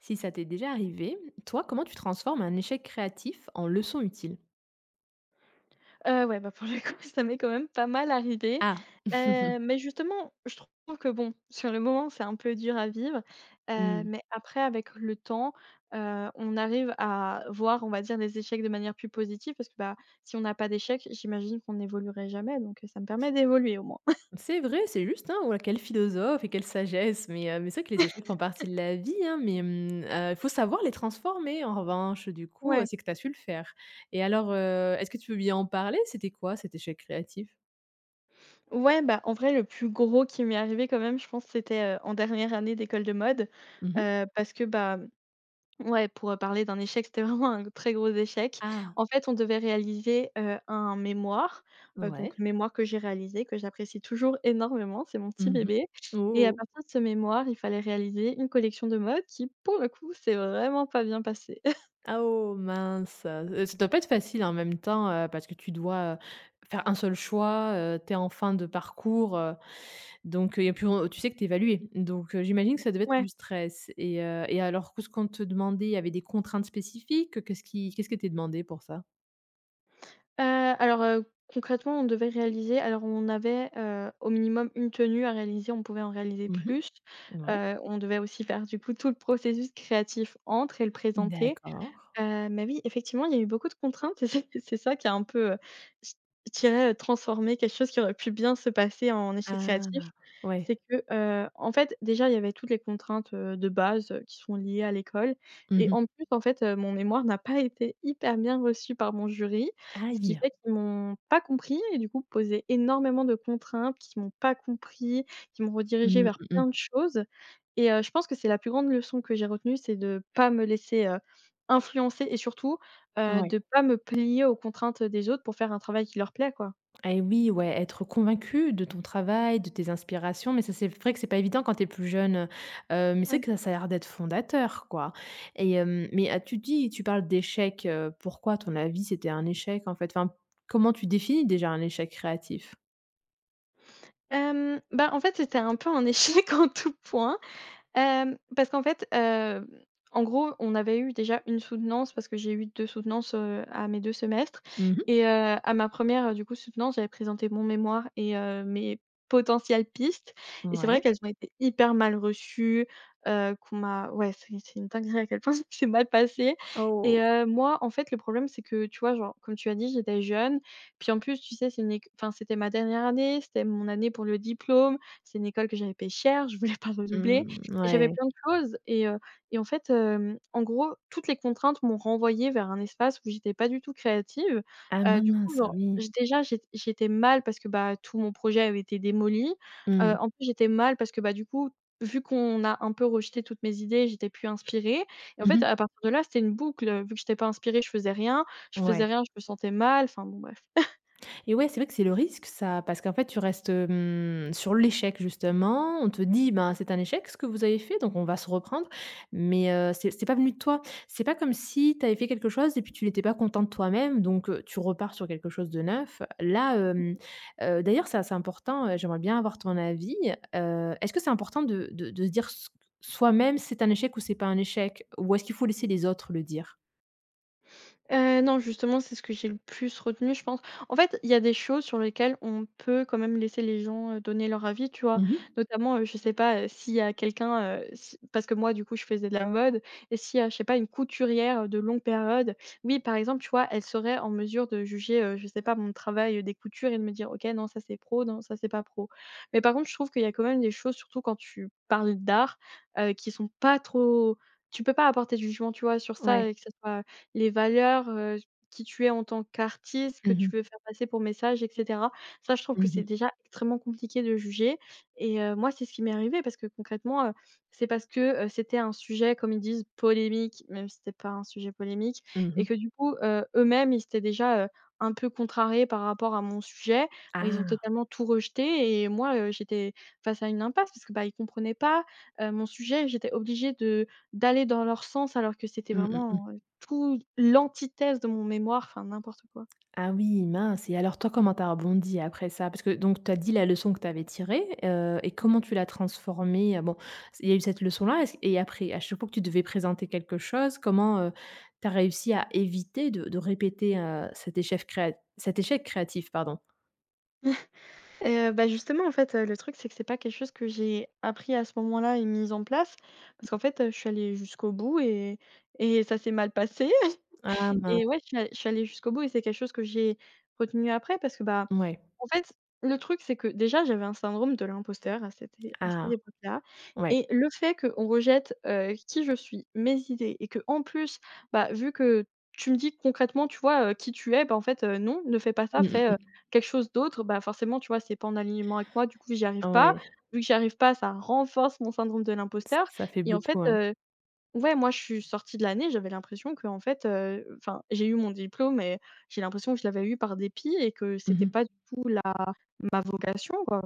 Si ça t'est déjà arrivé, toi, comment tu transformes un échec créatif en leçon utile? Heu, ouais, bah, pour le coup, ça m'est quand même pas mal arrivé. Ah. Heu, mais justement, je trouve que bon, sur le moment, c'est un peu dur à vivre, heu, Mmh. mais après avec le temps, heu, on arrive, à voir on va dire les échecs de manière plus positive. Parce que, bah, si on a pas d'échec j'imagine qu'on évoluerait jamais, donc ça me permet d'évoluer au moins. C'est vrai. C'est juste, hein. Voila, quelle philosophe et quelle sagesse! Mais, heu, mais c'est vrai que les échecs font partie de la vie, hein, mais, mmh, faut savoir les transformer en revanche, heu, du coup, heu, Ouais. c'est que tu as su le faire. Et alors, heu, est-ce que tu veux bien en parler, c'était quoi cet échec créatif? Ouais, bah, en vrai le plus gros qui m'est arrivé quand même, je pense, c'était, heu, en dernière année d'école de mode, Mmh mh. heu, parce que ben ouais pour parler d'un échec, c'était vraiment un très gros échec. Ah! En fait, on devait réaliser, heu, un mémoire, heu, donc Ouais. mémoire que j'ai réalisé, que j'apprécie toujours énormément, c'est mon petit Mmh mh. bébé. Et, à Oh! partir de ce mémoire, il fallait réaliser une collection de mode qui pour le coup s'est vraiment pas bien passée! Ah, oh mince! Heu, ce doit pas être facile en même temps, heu, parce que tu dois, heu, faire 1 seul choix, heu, tu es en fin de parcours, heu, donc il y a plus vr tu sais que tu es évaluée. Donc, heu, j'imagine que ça devait être Ouais. du stress. Et, heu, et, alors que ce qu'on te demandait? Il y avait des contraintes spécifiques? Heu, qu'est-ce qui qu'est-ce qui était demandé pour ça? Heu, alors, heu, concrètement, on devait réaliser alors on avait, heu, au minimum 1 tenue à réaliser, on pouvait en réaliser Mmh mh. plus. Ouais. Heu, on devait aussi faire, du coup, tout le processus créatif entre et le présenter. D'accord. Heu, mais oui effectivement il y a eu beaucoup de contraintes, et c'est ça qui a un peu, heu, j je dirais, heu, transformé quelque chose qui aurait pu bien se passer en échec créatif. Ah, ouais. C'est que, heu, en fait, déjà il y avait toutes les contraintes, heu, de base qui sont liées à l'école. Mmh Et en mh. plus en fait, heu, mon mémoire n'a pas été hyper bien reçu par mon jury. Ce qui Aïe! fait qu'ils m'ont pas compris et du coup posé énormément de contraintes, qu'ils m'ont pas compris, qu'ils m'ont redirigée Mmh. vers Mmh plein de mh. choses. Et, heu, je pense que c'est la plus grande leçon que j'ai retenue, c'est de pas me laisser, heu, influencer et surtout, heu, Mouais. de pas me plier aux contraintes des autres pour faire un travail qui leur plaît, quoi. Eh oui. Ouais, être convaincue de ton travail, de tes inspirations. Mais ça, c'est vrai que c'est pas évident quand tu es plus jeune, heu, heu. Mais c'est Ouais. que ça a l'air d'être fondateur, quoi. Et hem, mais ah tu dis, tu parles d'échec, heu. Pourquoi à ton avis, c'était un échec, en fait? Enfin, comment tu définis déjà un échec créatif? Hem, bah, en fait c'était un peu un échec en tout point. Hem, parce qu'en fait, heu, en gros on avait eu déjà 1 soutenance, parce que j'ai eu 2 soutenances, heu, à mes 2 semestres. Mmh mh. Et, heu, à ma 1re, heu, du coup soutenance j'avais présenté mon mémoire et, heu, mes potentielles pistes. Et c'est vrai Ouais. qu'elles ont été hyper mal reçues, heu, qu'on m'a ouais, c'est c'est une dinguerie à quel point ça s'est mal passé! Et, Oh! heu, moi en fait le problème c'est que tu vois genre, comme tu as dit j'étais jeune puis en plus tu sais c'est une éc enfin c'était ma dernière année. C'était mon année pour le diplôme, c'est une école que j'avais payée cher. Je voulais pas redoubler Mmh, et j'avais ouais. plein de choses et, heu, et en fait, hem, en gros toutes les contraintes m'ont renvoyée vers un espace où j'étais pas du tout créative. Ah Heu, du coup, mince! Ah genre oui! j'ai déjà j'ét j'étais mal parce que, bah, tout mon projet avait été démoli, heu, Mmh. en plus j'étais mal parce que, bah, du coup vu qu'on a un peu rejeté toutes mes idées, j'étais plus inspirée. Et en Mmh fait, à mh. partir de là c'était une boucle, vu que j'étais pas inspirée je faisais rien, je faisais Ouais. rien, je me sentais mal, enfin bon, bref. Eh ouais, c'est vrai que c'est le risque ça, parce qu'en fait tu restes, hem, sur l'échec justement, on te dit: «Ben, c'est un échec ce que vous avez fait, donc on va se reprendre», mais, heu, c'est c'est pas venu de toi. C'est pas comme si tu avais fait quelque chose et puis tu n'étais pas content de toi-même, donc, heu, tu repars sur quelque chose de neuf. Là, hem, [unintelligible] heu d'ailleurs, c'est assez important, heu, j'aimerais bien avoir ton avis. Heu, est-ce que c'est important de de de se dire ce que soi-même, c'est un échec ou c'est pas un échec, ou est-ce qu'il faut laisser les autres le dire? Heu, non, justement c'est ce que j'ai le plus retenu, je pense. En fait, il y a des choses sur lesquelles on peut quand même laisser les gens, heu, donner leur avis, tu vois? Mmh mh. Notamment, heu, je sais pas, heu, s'il y a quelqu'un, heu, s parce que moi du coup je faisais de la mode et s'il y a, je sais pas une couturière de longue période oui, par exemple, tu vois, elle serait en mesure de juger, heu, je sais pas mon travail, heu, des coutures et de me dire: «OK. Non ça c'est pro. Non ça c'est pas pro.», mais par contre je trouve qu'il y a quand même des choses surtout quand tu parles d'art, heu, qui sont pas trop tu peux pas apporter de jugement, tu vois? Sur ça Ouais. et que ça soit les valeurs, heu, qui tu es en tant qu'artiste, ce Mmh que tu veux mh. faire passer pour message et cetera. Ça je trouve Mmh que c'est mh. déjà extrêmement compliqué de juger et, heu, moi c'est ce qui m'est arrivé parce que concrètement, heu, c'est parce que, heu, c'était un sujet comme ils disent polémique, même si c'est pas un sujet polémique. Mmh Et que mh. du coup, heu, eux-mêmes ils étaient déjà, heu, un peu contrariés par rapport à mon sujet. Bah, ils ont Ah! totalement tout rejeté et moi, heu, j'étais face à une impasse parce que, bah, ils comprenaient pas, heu, mon sujet. J'étais obligée de d'aller dans leur sens, alors que c'était Mmh. Mmh mh. vraiment, heu, tout l'antithèse de mon mémoire, enfin n'importe quoi. Ah oui, mince, et alors toi comment tu as rebondi après ça? Parce que, donc tu as dit la leçon que tu avais tirée, heu, et comment tu l'as transformée? Heu, bon, c il y a eu cette leçon-là et ce qu et après, à chaque fois que tu devais présenter quelque chose, comment, heu, tu as réussi à éviter de de répéter, heu, cet échef créa cet échec créatif? Pardon. Heu, bah justement, en fait, heu, le truc, c'est que c'est pas quelque chose que j'ai appris à ce moment-là et mis en place. Parce qu'en fait, heu, je suis allée jusqu'au bout et et ça s'est mal passé! Ah, min Et ouais final je suis allée jusqu'au bout et c'est quelque chose que j'ai retenu après. Parce que, bah, Mouais. en fait, le truc c'est que déjà j'avais un syndrome de l'imposteur, à cette é à cette Ah. époque-là. Ouais. Et le fait qu'on rejette, heu, qui je suis, mes idées et qu'en plus, bah, vu que tu me dis concrètement: «Tu vois, heu, qui tu es? Bah, en fait, heu, non ne fais pas ça Mmh mh. fais, heu, Mmh. quelque chose d'autre». Bah forcément, tu vois, c'est pas en alignement avec moi, du coup j'y arrive pas. Ouais. Vu que j'y arrive pas ça renforce mon syndrome de Ç l'imposteur ça fait et en fait, beaucoup, ouais. heu, ouais, moi je suis sortie de l'année, j'avais l'impression qu'en fait, heu enfin j'ai eu mon diplôme et j'ai l'impression que je l'avais eu par dépit et que Mmh c'était mh. pas du tout la ma vocation, quoi.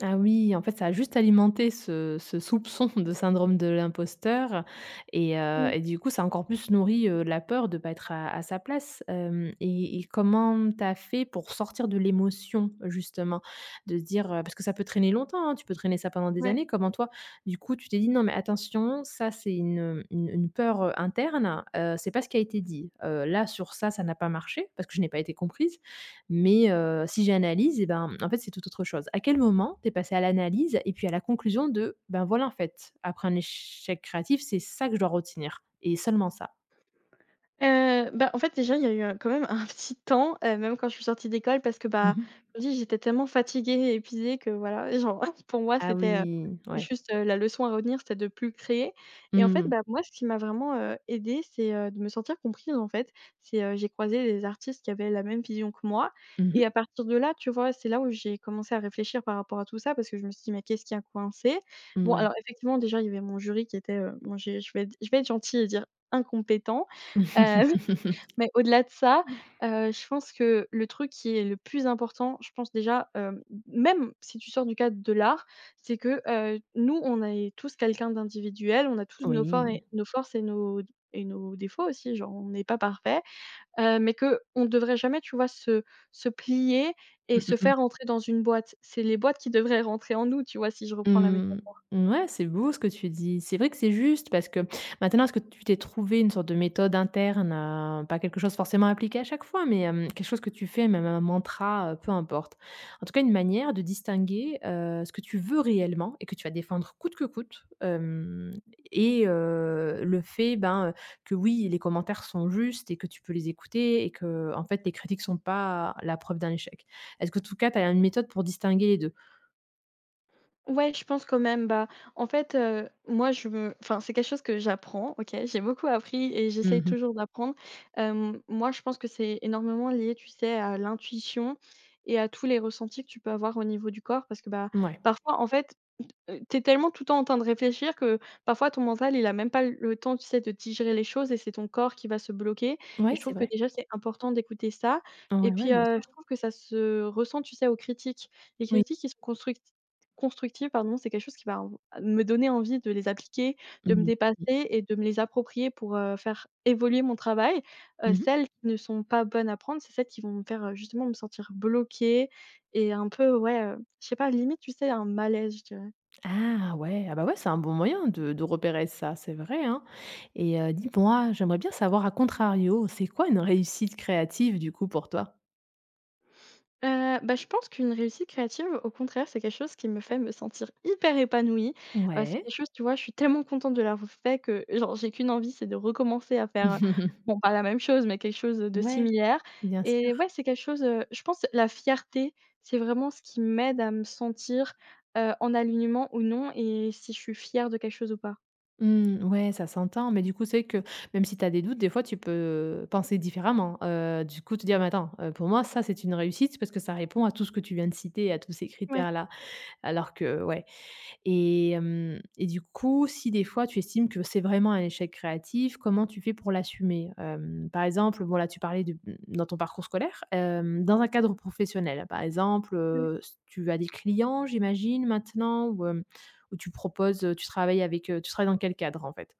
Ah, oui! En fait, ça a juste alimenté ce ce soupçon de syndrome de l'imposteur et, heu, Mmh. et du coup ça a encore plus nourri, heu, la peur de pas être à à sa place. Hem et et comment tu as fait pour sortir de l'émotion, justement? De se dire, heu parce que ça peut traîner longtemps, hein! Tu peux traîner ça pendant des Ouais. années. Comment toi, du coup, tu t'es dit: «Non, mais attention ça c'est une, une une peur, heu, interne, heu, c'est pas ce qui a été dit. Heu, là, sur ça, ça n'a pas marché parce que je n'ai pas été comprise, mais heu, si j'analyse et ben, mmh, en fait c'est tout autre chose.»? À quel moment tu es passée à l'analyse et puis à la conclusion de: «Ben voilà, en fait, après un échec créatif, c'est ça que je dois retenir. Et seulement ça.»? Heu, bah en fait, déjà, il y a eu un quand même un petit temps, heu, même quand je suis sortie d'école parce que, Mmh bah, mh. comme je dis, j'étais tellement fatiguée et épuisée que voilà, genre pour moi Ah c'était, heu, oui! Ouais. juste, heu, la leçon à retenir c'était de plus créer. Et en fait, Mmh. bah, moi ce qui m'a vraiment, heu, aidée c'est, heu, de me sentir comprise, en fait. C'est heu j'ai croisé des artistes qui avaient la même vision que moi Mmh et à mh. partir de là, tu vois, c'est là où j'ai commencé à réfléchir par rapport à tout ça. Parce que je me suis dit: «Mais qu'est-ce qui a coincé?». Bon Mouais. alors effectivement, déjà, il y avait mon jury qui était, heu, bon, j'ai je vais être je vais être gentille et dire: «incompétent». Heu, mais au-delà de ça, heu, je pense que le truc qui est le plus important je pense déjà, hem, m même si tu sors du cadre de l'art. C'est que, heu, nous on a est tous quelqu'un d'individuel, on a tous nos fort et Oui! nos forces et nos d et nos défauts aussi, genre, on est pas parfaits. Heu, mais qu'on devrait jamais tu vois se se plier et Mmh se mh mh. faire rentrer dans une boîte. C'est les boîtes qui devraient rentrer en nous, tu vois? Si je reprends la métaphore. Mmh. Mouais, c'est beau ce que tu dis. C'est vrai que c'est juste, parce que maintenant est-ce que tu t'es trouvé une sorte de méthode interne? Heu, pas quelque chose forcément appliqué à chaque fois, mais, hem, quelque chose que tu fais même un mantra, heu, peu importe. En tout cas une manière de distinguer, heu, ce que tu veux réellement et que tu vas défendre, coûte que coûte, hem et heu, le fait, ben, heu, que oui les commentaires sont justes et que tu peux les écouter et que, heu, en fait les critiques sont pas la preuve d'un échec. Est-ce que tout cas, tu as une méthode pour distinguer les 2? Ouais je pense quand même, bah, en fait, heu, moi je veux enfin, c'est quelque chose que j'apprends OK, j'ai beaucoup appris et Mmh j'essaye mh. toujours d'apprendre. Hem, moi je pense que c'est énormément lié tu sais, à l'intuition et à tous les ressentis que tu peux avoir au niveau du corps. Parce que, bah, Mouais. parfois, en fait, mmh heu, tu es tellement tout le temps en train de réfléchir que, parfois ton mental il a même pas l le temps, tu sais de digérer les choses et c'est ton corps qui va se bloquer. Et Ouais, je c'est trouve que vrai. déjà c'est important d'écouter ça. Et Ouais, ouais, puis, bien heu, je sûr. trouve que ça se ressent tu sais aux critiques? Les Oui. critiques qui sont constructi constructives pardon, c'est quelque chose qui va, hem, me donner envie de les appliquer, de me Mmh mh dépasser mh. et de me les approprier pour, heu, faire évoluer mon travail. Heu, Mmh mh. celles qui ne sont pas bonnes à prendre, c'est celles qui vont me faire, justement me sentir bloquée et un peu ouais, heu, je sais pas limite tu sais un malaise, je dirais. Ah ouais, ah bah ouais, c'est un bon moyen de de repérer ça, c'est vrai, hein. Et heu, dis-moi, j'aimerais bien savoir, à contrario, c'est quoi une réussite créative du coup, pour toi? Heu, ben, je pense qu'une réussite créative au contraire, c'est quelque chose qui me fait me sentir hyper épanouie. Heu, c'est des Ouais. choses, tu vois, je suis tellement contente de l'avoir fait que, genre, j'ai qu'une envie, c'est de recommencer à faire, heu, bon pas la même chose mais quelque chose de Ouais similaire. bien sûr. Et ouais, c'est quelque chose, heu, je pense la fierté c'est vraiment ce qui m'aide à me sentir, heu, en alignement ou non et si je suis fière de quelque chose ou pas. Mmh, ouais, ça s'entend. Mais du coup, tu sais que, même si tu as des doutes, des fois tu peux, heu, penser différemment. Heu, du coup, te dire: «Mais attends, heu, pour moi, ça, c'est une réussite parce que ça répond à tout ce que tu viens de citer, à tous ces Ouais. critères là. Alors que heu, ouais, et hem et du coup, si des fois tu estimes que c'est vraiment un échec créatif, comment tu fais pour l'assumer? Hem, par exemple, voilà, tu parlais de, mmh, dans ton parcours scolaire, hem, dans un cadre professionnel, par exemple, Mmh. heu, s tu as des clients, j'imagine maintenant? Ou hem, ou tu proposes heu, tu travailles avec, heu tu travailles dans quel cadre en fait?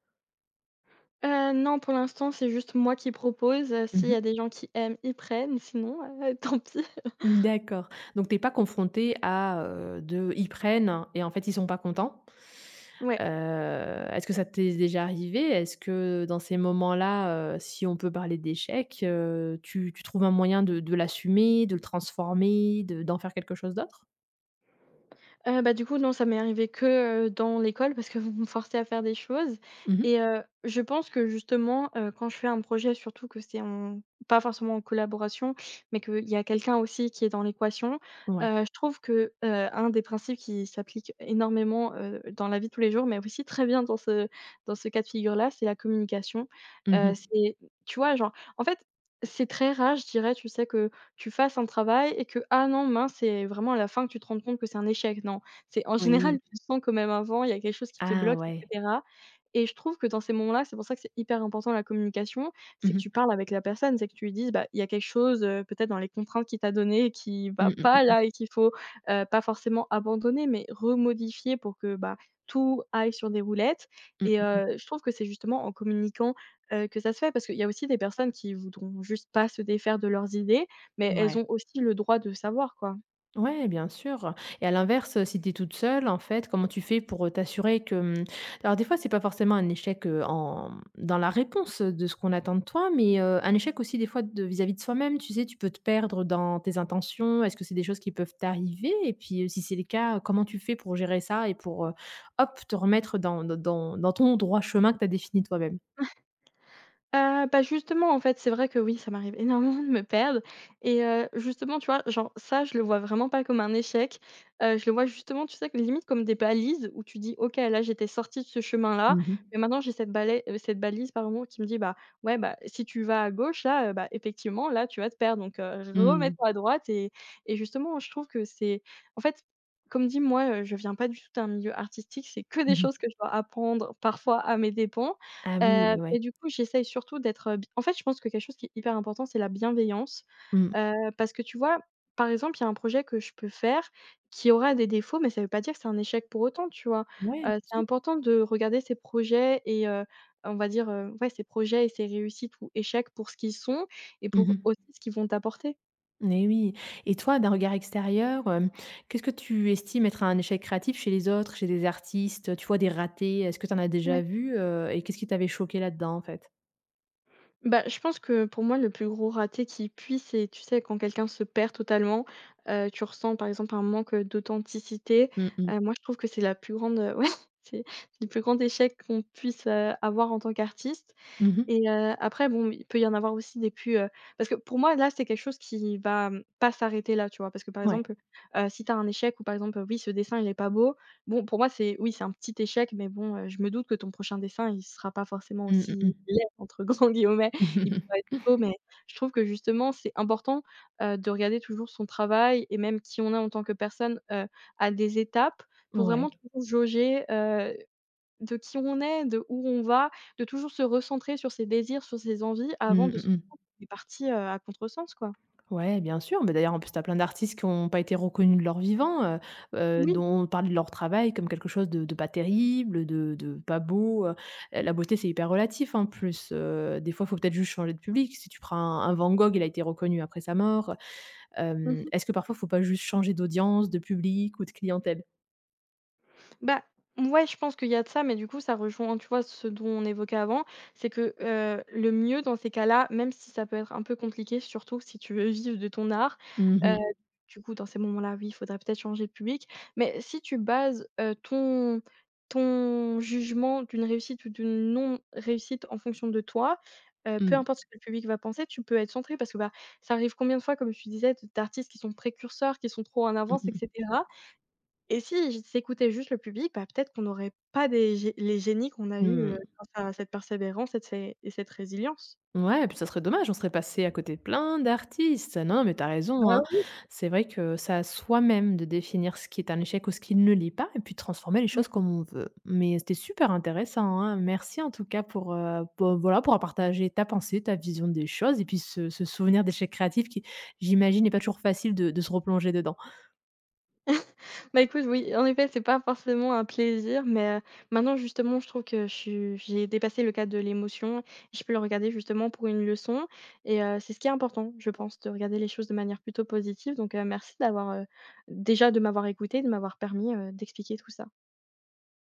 Heu, non, pour l'instant, c'est juste moi qui propose, heu. Mmh S'il y mh. a des gens qui aiment, ils prennent, sinon heu, tant pis. Mmh, d'accord, donc tu es pas confrontée à, heu, de ils prennent et en fait ils sont pas contents. Heu, Ouais. est-ce que ça t'est déjà arrivé? Est-ce que, dans ces moments-là, heu, si on peut parler d'échec, heu, tu tu trouves un moyen de de l'assumer? De le transformer? De d'en faire quelque chose d'autre? Heu, bah, du coup non, ça m'est arrivé que, heu, dans l'école parce que vous me forcez à faire des choses. Mmh mh. Et, heu, je pense que justement, heu, quand je fais un projet surtout que c'est en pas forcément en collaboration, mais qu'il y a quelqu'un aussi qui est dans l'équation, Ouais. heu, je trouve que, heu, un des principes qui s'applique é énormément, heu, dans la vie de tous les jours mais aussi très bien dans ce dans ce cas de figure-là c'est la communication. Mmh Heu, mh. c'est mmh, tu vois, genre, en fait, c'est très rare je dirais tu sais que, tu fasses un travail et que, ah non mince, c'est vraiment à la fin que tu te rendes compte que c'est un échec, non. C'est en général, Oui. tu sens que même avant, il y a quelque chose qui te Ah bloque et ouais. cetera. Et je trouve que dans ces moments-là c'est pour ça que c'est hyper important la communication, c'est Mmh que tu mh. parles avec la personne, c'est que tu lui dises, bah, il y a quelque chose, heu, peut-être dans les contraintes qui t'a donné et qui va Mmh mh mh pas mh. là et qu'il faut, heu, pas forcément abandonner mais remodifier pour que bah, tout aille sur des roulettes. Mmh Et mh mh. heu, je trouve que c'est justement en communiquant, heu, que ça se fait parce qu'il y a aussi des personnes qui voudront juste pas se défaire de leurs idées, mais elles Mouais. ont aussi le droit de savoir quoi. Ouais, bien sûr. Et à l'inverse, heu, si tu es toute seule, en fait, comment tu fais pour, heu, t'assurer que hem, alors des fois c'est pas forcément un échec heu, en dans la réponse, heu, de ce qu'on attend de toi, mais, heu, un échec aussi des fois, de vis-à-vis de soi-même tu sais? Tu peux te perdre dans tes intentions, est-ce que c'est des choses qui peuvent t'arriver? Et puis si c'est le cas, comment tu fais pour gérer ça? Et pour heu, hop! Te remettre dans dans dans dans ton droit chemin que tu as défini toi-même? Heu, bah, justement en fait, c'est vrai que oui, ça m'arrive énormément de me perdre et heu, justement tu vois, genre ça je le vois vraiment pas comme un échec. Heu, je le vois justement tu sais que limites comme des balises où tu dis: «OK, là j'étais sorti de ce chemin-là, Mmh mh. et maintenant j'ai cette balais heu, cette balise pardon, qui me dit: "bah, ouais bah, si tu vas à gauche là, heu, bah, effectivement là, tu vas te perdre donc heu, remets Mmh. toi droite"». Et et justement je trouve que c'est en fait, comme dit, moi heu, je viens pas du tout d'un milieu artistique, c'est que Mmh des mh. choses que je dois apprendre parfois à mes dépens. Ah oui, Heu ouais. et du coup j'essaye surtout d'être, heu, bi en fait je pense que quelque chose qui est hyper important, c'est la bienveillance. Mmh. Heu, parce que, tu vois, par exemple il y a un projet que je peux faire, qui aura des défauts mais ça veut pas dire que c'est un échec pour autant, tu vois? Mouais, bien Heu, c'est sûr. important de regarder ses projets et heu, on va dire, heu, ouais, ses projets et ses réussites ou échecs pour ce qu'ils sont, et Mmh pour mh. aussi ce qu'ils vont t'apporter. Et oui. Et toi d'un regard extérieur, hem, qu'est ce que tu estimes être un échec créatif chez les autres, chez des artistes, heu, tu vois des ratés? Est ce que tu en as déjà Ouais. vus, heu et qu'est ce qui t'avait choqué là-dedans en fait? Bah, je pense que pour moi le plus gros raté qui puisse, c'est tu sais quand quelqu'un se perd totalement. Heu, tu ressens par exemple un manque, heu, d'authenticité. Mmh. Mmh. Heu, moi je trouve que c'est la plus grande, heu ouais, c'est c'est le plus grand échec qu'on puisse, heu, avoir en tant qu'artiste. Mmh mh. Et, heu, après bon il peut y en avoir aussi des plus, heu parce que pour moi là c'est quelque chose qui va pas s'arrêter là, tu vois? Parce que par Ouais. exemple, heu, si tu as un échec ou par exemple, heu, oui ce dessin il est pas beau. Bon pour moi c'est, oui c'est un petit échec mais bon, heu, je me doute que ton prochain dessin il sera pas forcément Mmh. Mmh aussi mh. «Laid», entre grands guillemets. Il pourrait être beau mais je trouve que justement c'est important, heu, de regarder toujours son travail et même qui on est en tant que personne, heu, à des étapes. Pour vraiment Ouais. toujours jauger, heu, de qui on est, de où on va, de toujours se recentrer sur ses désirs, sur ses envies avant Mmh de se mh mh. [unintelligible] qu'on est parti, heu, à contresens quoi. Ouais, bien sûr, mais d'ailleurs en plus tu as plein d'artistes qui ont pas été reconnus de leur vivant, heu, heu, Oui. dont on parle de leur travail comme quelque chose de de pas terrible, heu, de de pas beau, heu, la beauté c'est hyper relatif en plus, heu, des fois il faut peut être juste changer de public. Si tu prends un Van Gogh il a été reconnu après sa mort, heu. Mmh Hem, mh. est-ce que parfois faut pas juste changer d'audience, de public ou de clientèle? Bah, mouais je pense qu'il y a de ça, mais du coup, ça rejoint, tu vois, ce dont on évoquait avant. C'est que, heu, le mieux dans ces cas-là, même si ça peut être un peu compliqué, surtout si tu veux vivre de ton art Mmh heu, mh. du coup dans ces moments-là, oui faudrait peut-être changer de public. Mais si tu bases, heu, ton ton jugement d'une réussite ou d'une non réussite en fonction de toi, heu, peu Mmh. importe ce que le public va penser, tu peux être centrée. Parce que, bah, ça arrive combien de fois comme tu disais de d'artistes qui sont précurseurs, qui sont trop en Mmh avance mh et mh. cetera. Et s'ils écoutaient juste le public, bah, peut-être qu'on aurait pas des gé les génies qu'on a eu, Mmh. heu, grâce à cette persévérance et de ces et cette résilience. Ouais, et puis ça serait dommage, on serait passé à côté de plein d'artistes. Non, non, mais tu as Bah raison, hein. oui. C'est vrai que c'est à soi-même de définir ce qui est un échec ou ce qui ne l'est pas. Et puis de transformer les Mmh choses mh. comme on veut. Mais c'était super intéressant, hein. Merci en tout cas pour, heu, bah, voilà, pour avoir partager ta pensée, ta vision des choses et puis se se souvenir d'échecs créatifs qui, j'imagine, n'est pas toujours facile de de se replonger dedans. Bah, écoute, oui, en effet c'est pas forcément un plaisir, mais, heu, maintenant justement je trouve que je suis j'ai dépassé le cadre de l'émotion, je peux le regarder justement pour une leçon. Et, heu, c'est ce qui est important, je pense de regarder les choses de manière plutôt positive. Donc, heu, merci d'avoir, heu déjà de m'avoir écoutée, de m'avoir permis, heu, d'expliquer tout ça.